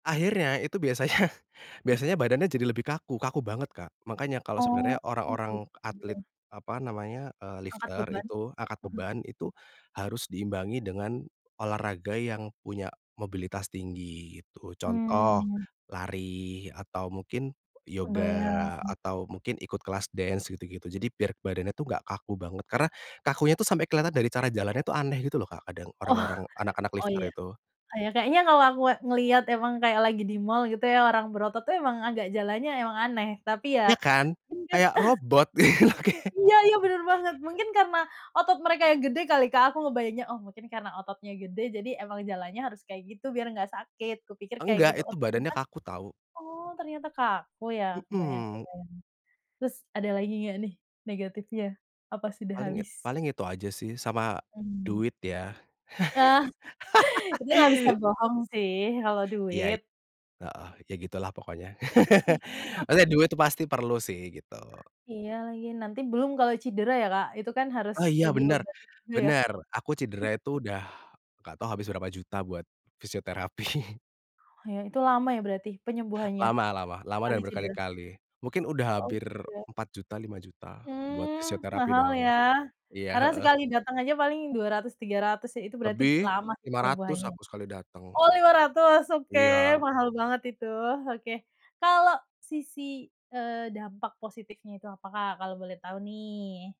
Akhirnya itu biasanya biasanya badannya jadi lebih kaku kaku banget Kak makanya kalau sebenarnya Oh orang-orang atlet, begitu. apa namanya, eee, Angkat lifter beban, itu angkat mhm. beban itu, harus diimbangi dengan, olahraga yang punya mobilitas tinggi itu contoh, Mmm. lari atau mungkin yoga Kebayang. atau mungkin ikut kelas dansa gitu-gitu jadi biar badannya tuh gak kaku banget karena, kakunya itu sampai kelihatan dari cara jalannya tuh aneh gitu loh Kak kadang Oh orang-orang anak-anak oh lifter ya, itu. ya kayaknya kalau aku ngeliat emang kayak lagi di mall gitu ya orang berotot itu emang agak jalannya emang aneh tapi ya. Ya kan? Kayak [unintelligible] robot. Iya iya bener banget mungkin karena, otot mereka yang gede kali Kak aku ngebayanginnya oh mungkin karena ototnya gede jadi emang jalannya harus kayak gitu biar ga sakit kupikir kayak Enggak gitu oh itu badannya ternyata, kaku tahu. oh ternyata kaku ya kebayang Mhm. kebayang, terus ada lagi ga nih negatifnya, apa sudah Paling it habis? paling itu aja sih sama, Mmm. duit ya. Itu nggak bisa bohong sih kalau Iya, duit. heeh, ya gitulah pokoknya maksudnya duit tuh pasti perlu sih gitu. Iya lagi nanti belum kalau cidera ya Kak itu kan harus, Oh iya eee, bener diobatin juga ya. bener aku cidera itu udah, gak tau habis berapa juta buat, fisioterapi. Itu lama ya berarti penyembuhannya Lama lama lama sekali dan cedera? berkali-kali mungkin udah Mhm, hampir iya. Rp4.000.000 Rp5.000.000 buat Mmm, fisioterapi mahal doang, ya, iya, karena heeh. sekali dateng aja paling Rp200.000-Rp300.000 ya itu berarti Lebih, lama sih Rp500.000 penyembuhannya, aku sekali dateng. oh Rp500.000 oke Iya. mahal banget itu oke, kalau sisi, eee, dampak positifnya itu apa Kak kalau boleh tahu nih?